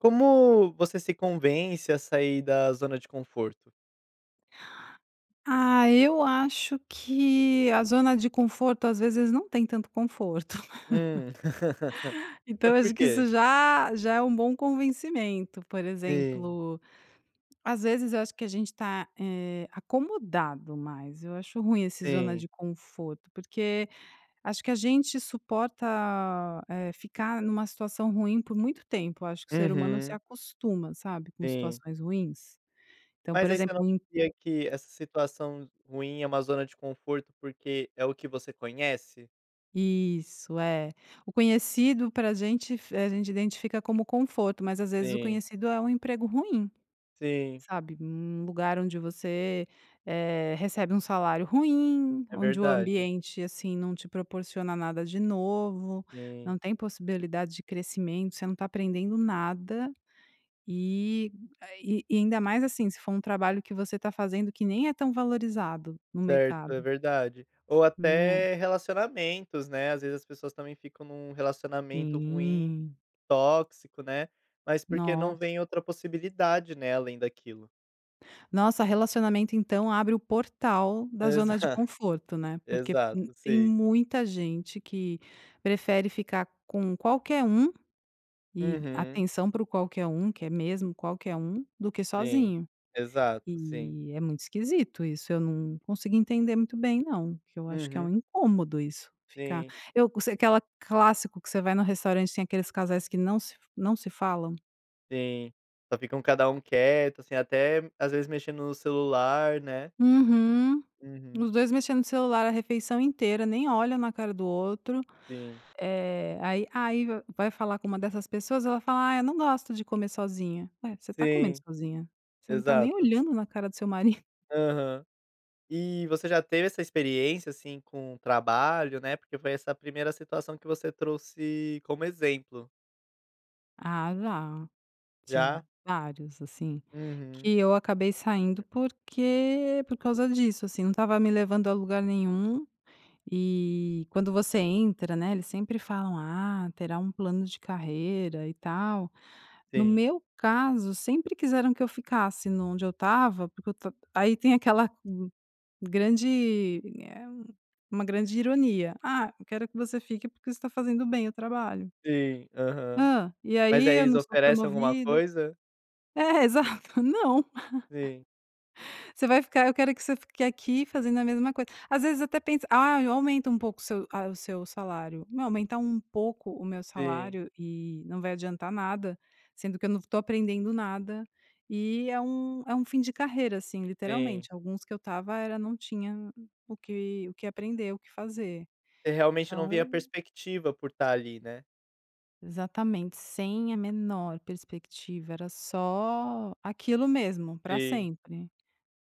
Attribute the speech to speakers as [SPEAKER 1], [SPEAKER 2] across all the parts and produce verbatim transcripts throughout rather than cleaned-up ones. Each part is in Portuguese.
[SPEAKER 1] Como você se convence a sair da zona de conforto?
[SPEAKER 2] Ah, eu acho que a zona de conforto, às vezes, não tem tanto conforto.
[SPEAKER 1] Hum.
[SPEAKER 2] Então
[SPEAKER 1] É
[SPEAKER 2] eu
[SPEAKER 1] por
[SPEAKER 2] acho que isso
[SPEAKER 1] quê?
[SPEAKER 2] já já é um bom convencimento. Por
[SPEAKER 1] Sim.
[SPEAKER 2] exemplo, às vezes eu acho que a gente está, eh, acomodado mais, eu acho ruim esse zona
[SPEAKER 1] Sim.
[SPEAKER 2] de conforto, porque acho que a gente suporta, eh, ficar numa situação ruim por muito tempo, acho que o ser humano se
[SPEAKER 1] Uhum.
[SPEAKER 2] acostuma, sabe, com
[SPEAKER 1] Sim.
[SPEAKER 2] situações ruins. Então, por
[SPEAKER 1] Mas aí você não
[SPEAKER 2] exemplo o im
[SPEAKER 1] crê que essa situação ruim é uma zona de conforto porque é o que você conhece?
[SPEAKER 2] Isso. É. O conhecido pra gente f a gente identifica como conforto mas, às vezes, o
[SPEAKER 1] Sim.
[SPEAKER 2] conhecido é um emprego ruim,
[SPEAKER 1] Sim.
[SPEAKER 2] sabe, um lugar onde você, eh, recebe um salário ruim,
[SPEAKER 1] É
[SPEAKER 2] onde o
[SPEAKER 1] verdade.
[SPEAKER 2] ambiente, assim, não te proporciona nada de novo,
[SPEAKER 1] Sim.
[SPEAKER 2] não tem possibilidade de crescimento, você não está aprendendo nada e a e e ainda mais, assim, se for um trabalho que você está fazendo que nem é tão valorizado no
[SPEAKER 1] Certo. É
[SPEAKER 2] mercado.
[SPEAKER 1] verdade. Ou
[SPEAKER 2] Né.
[SPEAKER 1] até relacionamentos, né, às vezes as pessoas também ficam num relacionamento ruim,
[SPEAKER 2] Sim.
[SPEAKER 1] tóxico, né, mas porque não
[SPEAKER 2] Nossa.
[SPEAKER 1] vem outra possibilidade, né, além daquilo.
[SPEAKER 2] Nossa, relacionamento, então, abre o portal da zona de
[SPEAKER 1] Exato.
[SPEAKER 2] conforto, né. Porque um
[SPEAKER 1] Exato,
[SPEAKER 2] tem
[SPEAKER 1] sim.
[SPEAKER 2] muita gente que prefere ficar com qualquer um, e,
[SPEAKER 1] Uhum.
[SPEAKER 2] atenção para o qualquer um, que é mesmo qualquer um, do que
[SPEAKER 1] Sim.
[SPEAKER 2] sozinho.
[SPEAKER 1] Exato, sim.
[SPEAKER 2] E é muito esquisito isso, eu não consegui entender muito bem não, que eu acho que é
[SPEAKER 1] Uhum.
[SPEAKER 2] incômodo isso, ficar
[SPEAKER 1] Sim.
[SPEAKER 2] eu co se aquela clássico que você vai no restaurante tem aqueles casais que não se não se falam?
[SPEAKER 1] Sim, só ficam cada um quieto, assim, até, às vezes, mexendo no celular né?
[SPEAKER 2] Uhum.
[SPEAKER 1] Uhum.
[SPEAKER 2] Os dois mexendo no celular a refeição inteira, nem olha na cara do outro,
[SPEAKER 1] Sim.
[SPEAKER 2] eh, aí aí vai falar com uma dessas pessoas ela fala: "Ai, eu não gosto de comer sozinha", ué, você está comendo
[SPEAKER 1] Sim.
[SPEAKER 2] sozinha, você não está nem
[SPEAKER 1] Exato.
[SPEAKER 2] olhando na cara do seu mari
[SPEAKER 1] Aham. E você já teve essa experiência, assim, com trabalho, né, porque foi essa primeira situação que você trouxe como exemplo.
[SPEAKER 2] Ah, já. Tive
[SPEAKER 1] Já?
[SPEAKER 2] vários, assim,
[SPEAKER 1] Uhum.
[SPEAKER 2] que eu acabei saindo porque por causa disso, assim, não estava me levando a lugar nenhum. E quando você entra, né, eles sempre falam: "Ah, terá um plano de carreira e tal". No
[SPEAKER 1] Sim.
[SPEAKER 2] meu caso sempre quiseram que eu ficasse no onde eu estava porque eu ta aí tem aquela grande, eh, uma grande ironia, "ah, eu quero que você fique porque você está fazendo bem o trabalho"
[SPEAKER 1] Sim. Aham.
[SPEAKER 2] hã, e
[SPEAKER 1] Mas
[SPEAKER 2] aí
[SPEAKER 1] aí
[SPEAKER 2] eu
[SPEAKER 1] eles
[SPEAKER 2] não sou
[SPEAKER 1] oferecem alguma
[SPEAKER 2] promovida?
[SPEAKER 1] coisa?
[SPEAKER 2] É, exato. Não.
[SPEAKER 1] Sim.
[SPEAKER 2] Você vai ficar eu quero que você fique aqui fazendo a mesma coisa. Às vezes até pensa: "Ah, eu aumento um pouco seu a o seu salário.". Não, aumentar um pouco o meu
[SPEAKER 1] Sim.
[SPEAKER 2] salário e não vai adiantar nada, sendo que eu não estou aprendendo nada e é um é um fim de carreira, assim,
[SPEAKER 1] Sim.
[SPEAKER 2] literalmente, alguns que eu estava era não tinha o que o que aprender, o que fazer.
[SPEAKER 1] Você, realmente, não
[SPEAKER 2] Então
[SPEAKER 1] via
[SPEAKER 2] eu
[SPEAKER 1] perspectiva por estar ali, né?
[SPEAKER 2] Exatamente, sem a menor perspectiva, era só aquilo mesmo pra
[SPEAKER 1] Sim.
[SPEAKER 2] sempre.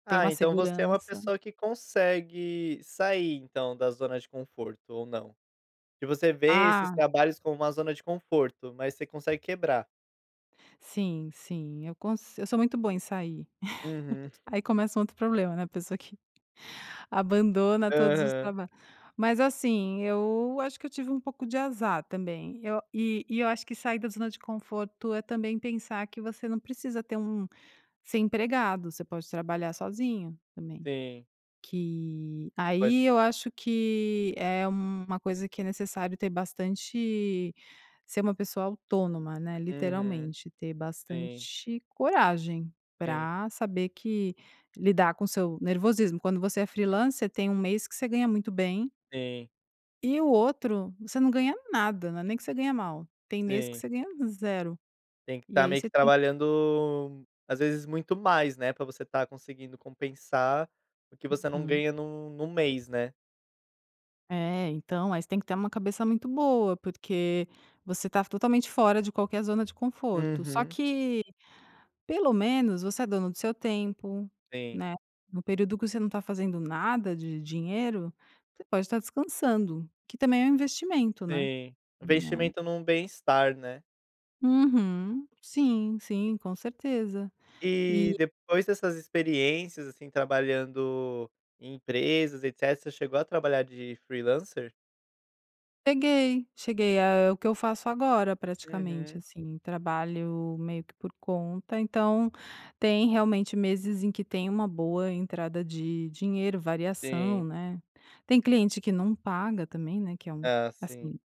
[SPEAKER 2] Tem
[SPEAKER 1] Ah,
[SPEAKER 2] uma
[SPEAKER 1] então você é uma
[SPEAKER 2] segurança
[SPEAKER 1] pessoa que consegue sair então da zona de conforto? Ou não? Se você vê esses
[SPEAKER 2] Ah, s
[SPEAKER 1] trabalhos como uma zona de conforto, mas você consegue quebrar?
[SPEAKER 2] Sim, sim. Eu consi eu sou muito boa em sair.
[SPEAKER 1] Uhum.
[SPEAKER 2] Aí começa um outro problema, né, a pessoa que abandona todos os
[SPEAKER 1] Aham.
[SPEAKER 2] traba Mas, assim, eu acho que eu tive um pouco de azar também, eu e e eu acho que sair da zona de conforto, é também pensar que você não precisa ter um ser empregado, você pode trabalhar sozinho também,
[SPEAKER 1] Sim.
[SPEAKER 2] que
[SPEAKER 1] Pois.
[SPEAKER 2] aí eu acho que é uma coisa que é necessário ter bastante ser uma pessoa autônoma, né,
[SPEAKER 1] Uhum.
[SPEAKER 2] literalmente ter
[SPEAKER 1] Sim.
[SPEAKER 2] bastante coragem
[SPEAKER 1] Sim.
[SPEAKER 2] pra saber que lidar com o seu nervosismo, quando você é freelancer tem um mês que você ganha muito bem
[SPEAKER 1] Sim.
[SPEAKER 2] e o outro você não ganha nada, né, não é nem que você ganha mal, tem mês que
[SPEAKER 1] Sim.
[SPEAKER 2] você ganha zero,
[SPEAKER 1] Tem que
[SPEAKER 2] e
[SPEAKER 1] estar
[SPEAKER 2] aí
[SPEAKER 1] meio
[SPEAKER 2] você
[SPEAKER 1] que
[SPEAKER 2] tem
[SPEAKER 1] trabalhando, às vezes, muito mais, né, pra você estar conseguindo compensar o que você não
[SPEAKER 2] Uhum.
[SPEAKER 1] ganha num num mês né.
[SPEAKER 2] É, então, aí você tem que ter uma cabeça muito boa, porque você está totalmente fora de qualquer zona de conforto. Só
[SPEAKER 1] Uhum.
[SPEAKER 2] que, pelo menos, você é dono do seu tempo,
[SPEAKER 1] Sim.
[SPEAKER 2] né, no período que você não está fazendo nada de dinheiro, você pode estar descansando, que também é um investimento, né.
[SPEAKER 1] Sim,
[SPEAKER 2] Né.
[SPEAKER 1] investimento num bem estar, né.
[SPEAKER 2] Uhum. Sim, sim, com certeza.
[SPEAKER 1] E
[SPEAKER 2] E
[SPEAKER 1] depois dessas experiências, assim, trabalhando em empresas, etecetera, você chegou a trabalhar de freelancer?
[SPEAKER 2] Cheguei, cheguei, é é o que eu faço agora, praticamente,
[SPEAKER 1] Uhum.
[SPEAKER 2] assim, trabalho meio que por conta, então tem realmente meses em que tem uma boa entrada de dinheiro, variação,
[SPEAKER 1] Sim.
[SPEAKER 2] né, tem cliente que não paga também, né, que é um
[SPEAKER 1] Ah, sim.
[SPEAKER 2] assim,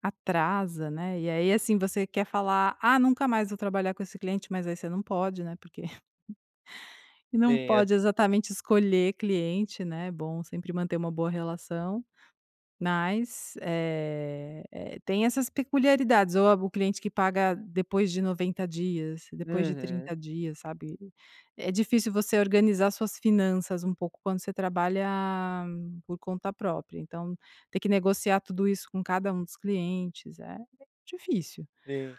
[SPEAKER 2] atrasa, né, e aí, assim, você quer falar: "Ah, nunca mais vou trabalhar com esse cliente", mas aí você não pode, né, porque
[SPEAKER 1] Sim,
[SPEAKER 2] não
[SPEAKER 1] é.
[SPEAKER 2] pode exatamente escolher cliente, né, é bom sempre manter uma boa relação, mas eh eh, tem essas peculiaridades, ou a o cliente que paga depois de noventa dias, depois de
[SPEAKER 1] Uhum.
[SPEAKER 2] trinta dias, sabe. É difícil você organizar suas finanças um pouco, quando você trabalha por conta própria, então ter que negociar tudo isso com cada um dos clientes, é difícil
[SPEAKER 1] Sim.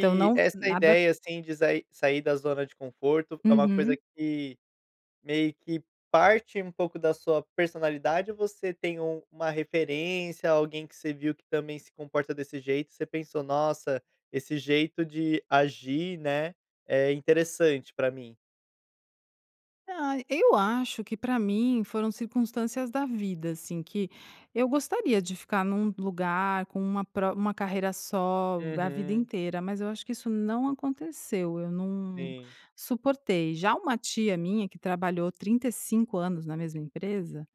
[SPEAKER 2] então, não
[SPEAKER 1] essa
[SPEAKER 2] nada
[SPEAKER 1] ideia, assim, de sair sair da zona de conforto é uma coisa
[SPEAKER 2] Uhum.
[SPEAKER 1] que meio que parte, um pouco, da sua personalidade ou você tem um uma referência, ou alguém que você viu que também se comporta desse jeito, você pensou: "Nossa, esse jeito de agir, né, é interessante pra mim"?
[SPEAKER 2] Ah, eu acho que pra mim foram circunstâncias da vida, assim, que eu gostaria de ficar num lugar com uma pro uma carreira só a vida
[SPEAKER 1] Uhum.
[SPEAKER 2] inteira, mas eu acho que isso não aconteceu, eu não
[SPEAKER 1] Sim.
[SPEAKER 2] suportei. Já uma tia minha que trabalhou trinta e cinco anos na mesma empresa,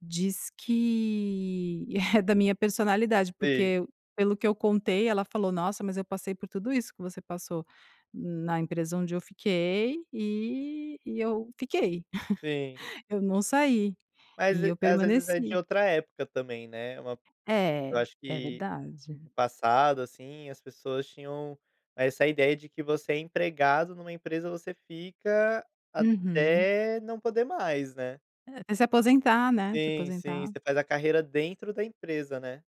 [SPEAKER 2] diz que é da minha personalidade,
[SPEAKER 1] Sim.
[SPEAKER 2] porque pelo que eu contei, ela falou: "Nossa, mas eu passei por tudo isso que você passou na empresa onde eu fiquei e e eu fiquei",
[SPEAKER 1] Sim.
[SPEAKER 2] "eu não saí,
[SPEAKER 1] Mas
[SPEAKER 2] e
[SPEAKER 1] e
[SPEAKER 2] eu
[SPEAKER 1] às vezes é de
[SPEAKER 2] permaneci".
[SPEAKER 1] outra época também, né. Uma eu
[SPEAKER 2] É.
[SPEAKER 1] acho
[SPEAKER 2] É
[SPEAKER 1] que
[SPEAKER 2] verdade.
[SPEAKER 1] no passado, assim, as pessoas tinham essa ideia de que você é empregado numa empresa, você fica
[SPEAKER 2] Uhum.
[SPEAKER 1] até não poder mais, né.
[SPEAKER 2] É se aposentar né, se
[SPEAKER 1] Sim, sim.
[SPEAKER 2] aposentar.
[SPEAKER 1] Você faz a carreira dentro da empresa, né.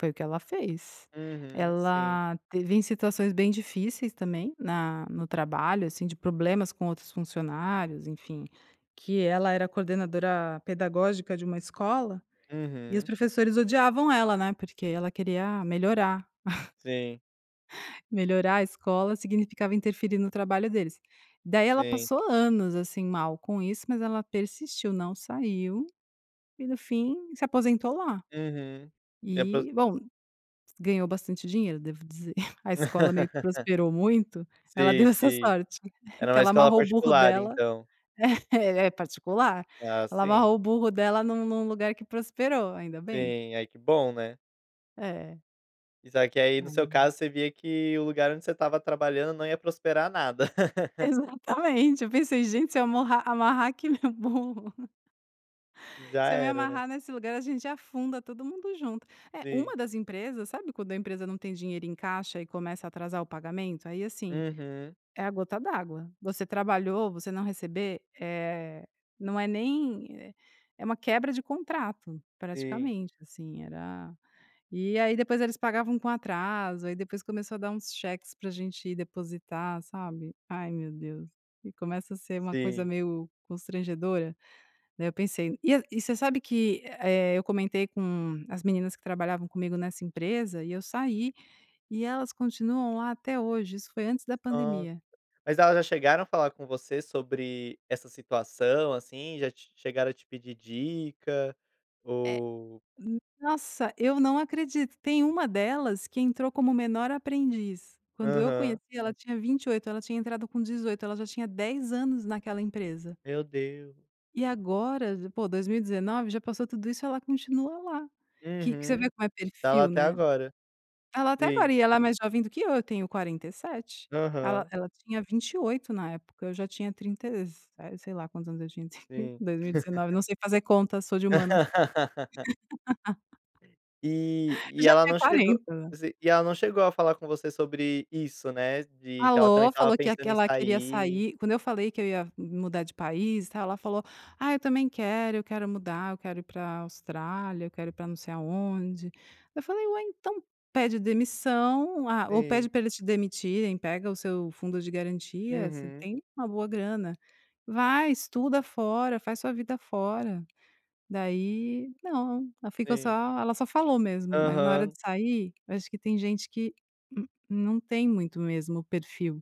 [SPEAKER 2] Foi o que ela fez.
[SPEAKER 1] Uhum, sim.
[SPEAKER 2] Ela teve em situações bem difíceis também na no trabalho, assim, de problemas com outros funcionários, enfim, que ela era coordenadora pedagógica de uma escola, e os
[SPEAKER 1] Uhum.
[SPEAKER 2] professores odiavam ela, né, porque ela queria melhorar
[SPEAKER 1] Sim.
[SPEAKER 2] Melhorar a escola, significava interferir no trabalho deles. Daí ela
[SPEAKER 1] Sim.
[SPEAKER 2] passou anos, assim, mal com isso, mas ela persistiu, não saiu e no fim se aposentou lá.
[SPEAKER 1] Uhum. Se apos
[SPEAKER 2] E, bom, ganhou bastante dinheiro, devo dizer, a escola meio que prosperou muito, ela
[SPEAKER 1] Sim,
[SPEAKER 2] deu essa
[SPEAKER 1] sim.
[SPEAKER 2] sorte,
[SPEAKER 1] Era
[SPEAKER 2] que
[SPEAKER 1] uma
[SPEAKER 2] ela
[SPEAKER 1] escola
[SPEAKER 2] amarrou o burro
[SPEAKER 1] particular,
[SPEAKER 2] dela
[SPEAKER 1] então?
[SPEAKER 2] É, é particular.
[SPEAKER 1] Ah,
[SPEAKER 2] Ela
[SPEAKER 1] sim.
[SPEAKER 2] amarrou o burro dela num num lugar que prosperou, ainda bem.
[SPEAKER 1] Sim. Ai que bom, né.
[SPEAKER 2] É.
[SPEAKER 1] Isso aqui aí, no seu
[SPEAKER 2] Ai
[SPEAKER 1] caso, você via que o lugar onde você estava trabalhando não ia prosperar nada.
[SPEAKER 2] Exatamente. Eu pensei: "Gente, se eu amarrar amarrar aqui meu burro."
[SPEAKER 1] Já
[SPEAKER 2] Se eu me
[SPEAKER 1] era, né.
[SPEAKER 2] amarrar nesse lugar a gente afunda todo mundo junto. É, uma
[SPEAKER 1] Sim.
[SPEAKER 2] das empresas sabe quando a empresa não tem dinheiro em caixa e começa a atrasar o pagamento? Aí, assim,
[SPEAKER 1] Uhum.
[SPEAKER 2] é a gota d'água, você trabalhou, você não receber? Eh, não é nem é é uma quebra de contrato
[SPEAKER 1] Sim.
[SPEAKER 2] praticamente, assim, era e aí depois eles pagavam com atraso, aí depois começou a dar uns cheques pra gente depositar, sabe, ai meu Deus. E começa a ser uma coisa
[SPEAKER 1] Sim.
[SPEAKER 2] meio constrangedora, né, eu pensei e e você sabe que, eh, eu comentei com as meninas que trabalhavam comigo nessa empresa e, eu saí, e elas continuam lá até hoje. Isso foi antes da
[SPEAKER 1] Nossa,
[SPEAKER 2] pandemia.
[SPEAKER 1] mas elas já chegaram a falar com você sobre essa situação, assim, já te chegaram a te pedir dica?
[SPEAKER 2] É.
[SPEAKER 1] Ou
[SPEAKER 2] N nossa, eu não acredito. Tem uma delas que entrou como menor aprendiz, quando eu conheci,
[SPEAKER 1] Aham.
[SPEAKER 2] ela tinha vinte e oito, ela tinha entrado com dezoito, ela já tinha dez anos naquela empresa
[SPEAKER 1] Meu Deus.
[SPEAKER 2] e agora, pô, dois mil e dezenove, já passou tudo isso e ela continua lá, que que você vê
[SPEAKER 1] Uhum.
[SPEAKER 2] como é
[SPEAKER 1] Está lá
[SPEAKER 2] perfil,
[SPEAKER 1] até
[SPEAKER 2] né.
[SPEAKER 1] agora,
[SPEAKER 2] Está lá até
[SPEAKER 1] sim.
[SPEAKER 2] agora, e ela é mais jovem do que eu, eu tenho quarenta e sete, ela
[SPEAKER 1] Aham.
[SPEAKER 2] ela tinha vinte e oito na época, eu já tinha trinta e se sei lá quantos anos eu tinha,
[SPEAKER 1] Sim.
[SPEAKER 2] dois mil e dezenove não sei fazer conta, sou de humanas.
[SPEAKER 1] E
[SPEAKER 2] Eu
[SPEAKER 1] e
[SPEAKER 2] já
[SPEAKER 1] ela
[SPEAKER 2] tinha
[SPEAKER 1] não chegou
[SPEAKER 2] quarenta.
[SPEAKER 1] Si e ela não chegou a falar com você sobre isso, né, de que ela também
[SPEAKER 2] Falou.
[SPEAKER 1] estava
[SPEAKER 2] Falou que a que
[SPEAKER 1] pensando em
[SPEAKER 2] ela queria
[SPEAKER 1] sair?
[SPEAKER 2] sair quando eu falei que eu ia mudar de país e tal, ela falou: "Ah, eu também quero, eu quero mudar, eu quero ir pra Austrália, eu quero ir pra não sei aonde", aí eu falei: "Ué, então pede demissão ou a ou pede
[SPEAKER 1] Sim.
[SPEAKER 2] pra eles te demitirem, pega o seu fundo de garantia, você
[SPEAKER 1] Uhum.
[SPEAKER 2] tem uma boa grana, vai, estuda fora, faz sua vida fora", daí, não, ela ficou
[SPEAKER 1] Sim.
[SPEAKER 2] só ela só falou mesmo, mas na hora
[SPEAKER 1] Aham.
[SPEAKER 2] de sair eu acho que tem gente que n não tem muito mesmo o perfil.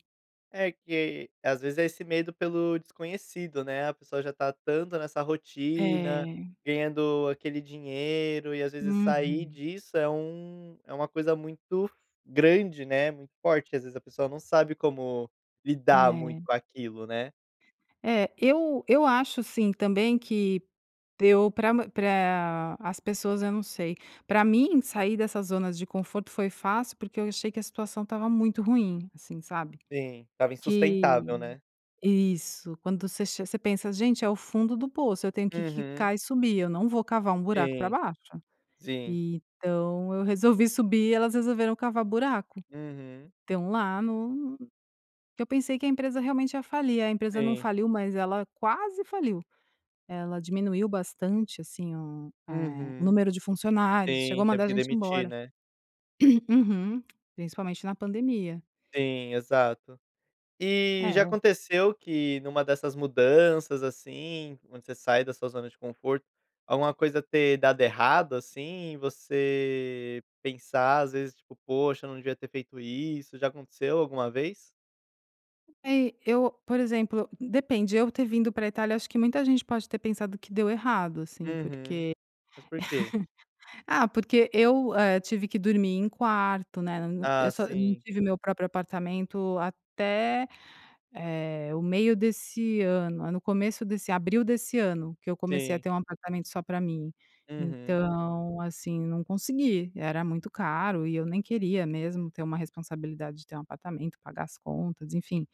[SPEAKER 1] É que, às vezes, é esse medo pelo desconhecido, né, a pessoa já está tanto nessa rotina,
[SPEAKER 2] É.
[SPEAKER 1] ganhando aquele dinheiro, e às vezes sair
[SPEAKER 2] Uhum.
[SPEAKER 1] disso é um é uma coisa muito grande, né, muito forte que, às vezes, a pessoa não sabe como lidar muito
[SPEAKER 2] É.
[SPEAKER 1] com aquilo, né.
[SPEAKER 2] É, eu eu acho sim também que eu pra pra as pessoas, eu não sei, pra mim, sair dessa zona de conforto foi fácil, porque eu achei que a situação estava muito ruim, assim, sabe.
[SPEAKER 1] Sim, estava insustentável,
[SPEAKER 2] Que
[SPEAKER 1] né.
[SPEAKER 2] isso. Quando você che você pensa: "Gente, é o fundo do poço, eu tenho que
[SPEAKER 1] Uhum.
[SPEAKER 2] quicar e subir, eu não vou cavar um buraco pra
[SPEAKER 1] Sim.
[SPEAKER 2] baixo".
[SPEAKER 1] Sim.
[SPEAKER 2] Então eu resolvi subir e elas resolveram cavar buraco,
[SPEAKER 1] Uhum.
[SPEAKER 2] estão lá no que eu pensei que a empresa realmente ia falir, a empresa não
[SPEAKER 1] Sim.
[SPEAKER 2] faliu, mas ela quase faliu, ela diminuiu bastante, assim, o eh,
[SPEAKER 1] Uhum.
[SPEAKER 2] número de funcionários, chegou a
[SPEAKER 1] Sim, teve
[SPEAKER 2] mandar a
[SPEAKER 1] que
[SPEAKER 2] gente
[SPEAKER 1] demitir
[SPEAKER 2] embora.
[SPEAKER 1] né?
[SPEAKER 2] Uhum. Principalmente na pandemia.
[SPEAKER 1] Sim, exato. E já
[SPEAKER 2] É.
[SPEAKER 1] aconteceu que numa dessas mudanças, assim, onde você sai da sua zona de conforto, alguma coisa ter dado errado, assim, e você pensar, às vezes, tipo: "Poxa, eu não devia ter feito isso", já aconteceu alguma vez?
[SPEAKER 2] É, eu, por exemplo, depende. Eu ter vindo pra Itália, acho que muita gente pode ter pensado que deu errado, assim,
[SPEAKER 1] Uhum,
[SPEAKER 2] porque
[SPEAKER 1] mas por quê?
[SPEAKER 2] Ah, porque eu, hã, tive que dormir em quarto né, e
[SPEAKER 1] Ah,
[SPEAKER 2] eu só não
[SPEAKER 1] sim.
[SPEAKER 2] tive meu próprio apartamento até, eh, o meio desse ano, aí no começo desse abril desse ano que eu comecei a
[SPEAKER 1] Sim.
[SPEAKER 2] ter um apartamento só pra mim.
[SPEAKER 1] Uhum.
[SPEAKER 2] Então, assim, não consegui. Era muito caro e eu nem queria mesmo ter uma responsabilidade de ter um apartamento, pagar as contas, enfim.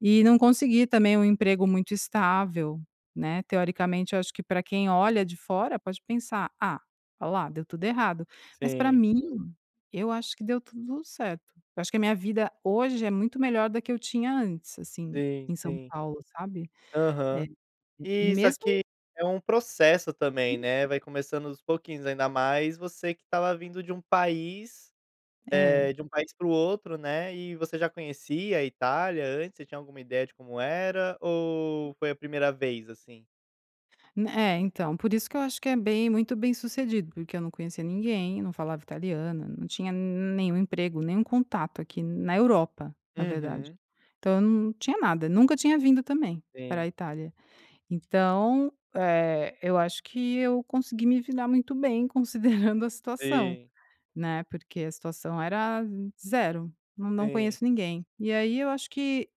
[SPEAKER 2] E não consegui, também, um emprego muito estável, né, teoricamente, eu acho que pra quem olha de fora, pode pensar: "Ah, ó lá, deu tudo errado", mas, pra
[SPEAKER 1] Sim.
[SPEAKER 2] mim, eu acho que deu tudo certo. Eu acho que a minha vida hoje é muito melhor da que eu tinha antes, assim,
[SPEAKER 1] Sim.
[SPEAKER 2] em São
[SPEAKER 1] Sim.
[SPEAKER 2] Paulo, sabe. É.
[SPEAKER 1] Aham.
[SPEAKER 2] E
[SPEAKER 1] E isso
[SPEAKER 2] mesmo
[SPEAKER 1] aqui é um processo também, né, vai começando dos pouquinhos, ainda mais você que estava vindo de um país,
[SPEAKER 2] É.
[SPEAKER 1] eh, de um país pro outro, né, e você já conhecia a Itália antes? Você tinha alguma ideia de como era, ou foi a primeira vez, assim?
[SPEAKER 2] N é, então. Por isso que eu acho que é bem muito bem-sucedido porque eu não conhecia ninguém, não falava italiana, não tinha nenhum emprego, nenhum contato aqui, na Europa, na verdade.
[SPEAKER 1] Uhum.
[SPEAKER 2] Então, eu não tinha nada, nunca tinha vindo, também, pra
[SPEAKER 1] Sim.
[SPEAKER 2] Itália. Então, eh, eu acho que eu consegui me virar muito bem considerando a situação,
[SPEAKER 1] Sim.
[SPEAKER 2] né, porque a situação era zero. Nã não
[SPEAKER 1] Sim.
[SPEAKER 2] conheço ninguém. E aí, eu acho que,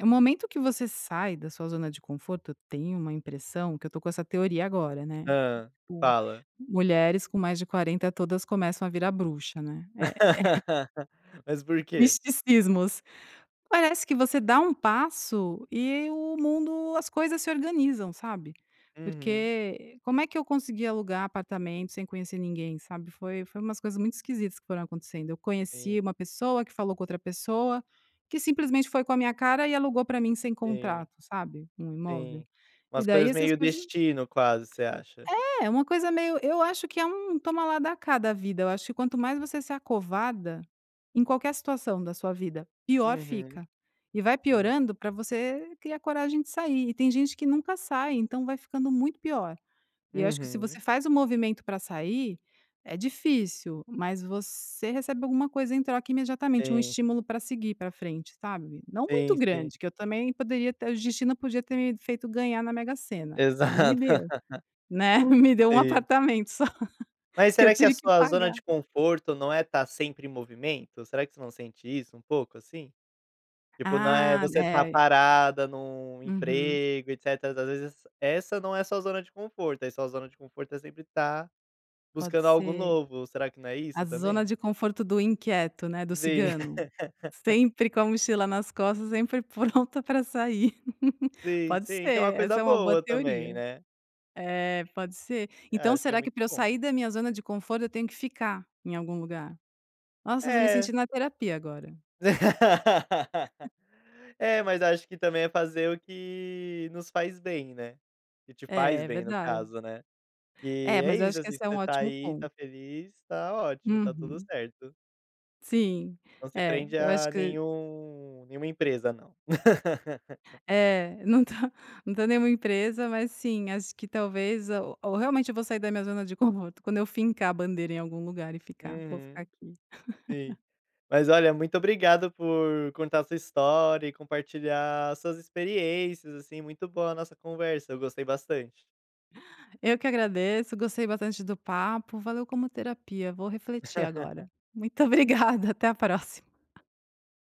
[SPEAKER 2] eh, o momento que você sai da sua zona de conforto, eu tenho uma impressão que eu tô com essa teoria agora, né,
[SPEAKER 1] Hã.
[SPEAKER 2] tipo,
[SPEAKER 1] Fala.
[SPEAKER 2] mulheres com mais de quarenta todas começam a virar bruxa, né. É.
[SPEAKER 1] Mas por quê?
[SPEAKER 2] Misticismos. Parece que você dá um passo, e o mundo, as coisas, se organizam, sabe,
[SPEAKER 1] Uhum.
[SPEAKER 2] porque como é que eu consegui alugar apartamento sem conhecer ninguém, sabe, foi foi umas coisas muito esquisitas que foram acontecendo. Eu conheci
[SPEAKER 1] Sim.
[SPEAKER 2] uma pessoa, que falou com outra pessoa, que simplesmente foi com a minha cara e alugou pra mim sem
[SPEAKER 1] Sim.
[SPEAKER 2] contrato, sabe, um imóvel?
[SPEAKER 1] Sim.
[SPEAKER 2] E
[SPEAKER 1] Umas
[SPEAKER 2] daí
[SPEAKER 1] coisas
[SPEAKER 2] essas
[SPEAKER 1] meio
[SPEAKER 2] coisas
[SPEAKER 1] destino quase, você acha.
[SPEAKER 2] É! Uma coisa meio eu acho que é um toma lá dá cá da vida, eu acho que quanto mais você se acovarda, em qualquer situação da sua vida, pior
[SPEAKER 1] Uhum.
[SPEAKER 2] fica. E vai
[SPEAKER 1] Sim.
[SPEAKER 2] piorando pra você criar coragem de sair, e tem gente que nunca sai, então vai ficando muito pior. E eu acho que se
[SPEAKER 1] Uhum.
[SPEAKER 2] você faz o movimento pra sair é difícil, mas você recebe alguma coisa em troca imediatamente, um
[SPEAKER 1] Sim.
[SPEAKER 2] estímulo, pra seguir pra frente, sabe, não muito
[SPEAKER 1] Sim. Sim.
[SPEAKER 2] grande, que eu também poderia até o destino podia ter me feito ganhar na Mega-Sena, é, não me
[SPEAKER 1] Exato.
[SPEAKER 2] deu, né, me deu um
[SPEAKER 1] Sim.
[SPEAKER 2] apartamento só
[SPEAKER 1] Mas
[SPEAKER 2] que eu
[SPEAKER 1] será que a
[SPEAKER 2] tive que
[SPEAKER 1] sua zona
[SPEAKER 2] pagar.
[SPEAKER 1] de conforto não é tá sempre em movimento? Será que você não sente isso um pouco, assim? Tipo, não é
[SPEAKER 2] Ah,
[SPEAKER 1] você tá
[SPEAKER 2] deve. Uhum.
[SPEAKER 1] parada num
[SPEAKER 2] Uhum.
[SPEAKER 1] emprego, etc. e às vezes essa não é a sua zona de conforto, aí, sua zona de conforto é sempre tá
[SPEAKER 2] Pode
[SPEAKER 1] buscando algo
[SPEAKER 2] ser.
[SPEAKER 1] novo, será que não é
[SPEAKER 2] A
[SPEAKER 1] isso
[SPEAKER 2] zona
[SPEAKER 1] também?
[SPEAKER 2] de conforto do inquieto, né, do
[SPEAKER 1] Sim.
[SPEAKER 2] cigano, sempre com a mochila nas costas, sempre pronta pra sair.
[SPEAKER 1] Sim,
[SPEAKER 2] Pode
[SPEAKER 1] sim. O que é uma
[SPEAKER 2] ser,
[SPEAKER 1] coisa
[SPEAKER 2] essa é uma boa
[SPEAKER 1] boa também
[SPEAKER 2] teoria.
[SPEAKER 1] né.
[SPEAKER 2] É. Pode ser.
[SPEAKER 1] Ah,
[SPEAKER 2] Então
[SPEAKER 1] acho que é
[SPEAKER 2] será que
[SPEAKER 1] muito
[SPEAKER 2] pra eu
[SPEAKER 1] bom.
[SPEAKER 2] sair da minha zona de conforto, eu tenho que ficar em algum lugar? Nossa, eu estou me
[SPEAKER 1] É
[SPEAKER 2] sentindo na terapia agora.
[SPEAKER 1] É, mas acho que, também, é fazer o que nos faz bem, né, que te faz
[SPEAKER 2] É, é
[SPEAKER 1] bem no
[SPEAKER 2] verdade.
[SPEAKER 1] caso, né, e,
[SPEAKER 2] É.
[SPEAKER 1] é
[SPEAKER 2] Mas eu
[SPEAKER 1] isso,
[SPEAKER 2] acho que
[SPEAKER 1] assim,
[SPEAKER 2] esse é um
[SPEAKER 1] você tá
[SPEAKER 2] ótimo
[SPEAKER 1] aí,
[SPEAKER 2] ponto.
[SPEAKER 1] tá feliz, tá ótimo, tá tudo
[SPEAKER 2] Uhum.
[SPEAKER 1] certo.
[SPEAKER 2] Sim,
[SPEAKER 1] Não se
[SPEAKER 2] é.
[SPEAKER 1] prende
[SPEAKER 2] Eu acho
[SPEAKER 1] a
[SPEAKER 2] que
[SPEAKER 1] nenhum nenhuma empresa não.
[SPEAKER 2] É. Não tá não tem nenhuma empresa, mas, sim, acho que talvez o ou realmente eu vou sair da minha zona de conforto quando eu fincar a bandeira em algum lugar e ficar, "Vou ficar
[SPEAKER 1] Uhum.
[SPEAKER 2] aqui".
[SPEAKER 1] Sim. Mas, olha, muito obrigado por contar a sua história e compartilhar as suas experiências, assim, muito boa a nossa conversa, eu gostei bastante.
[SPEAKER 2] Eu que agradeço, gostei bastante do papo. Valeu como terapia, vou refletir agora. Muito obrigada, até a próxima.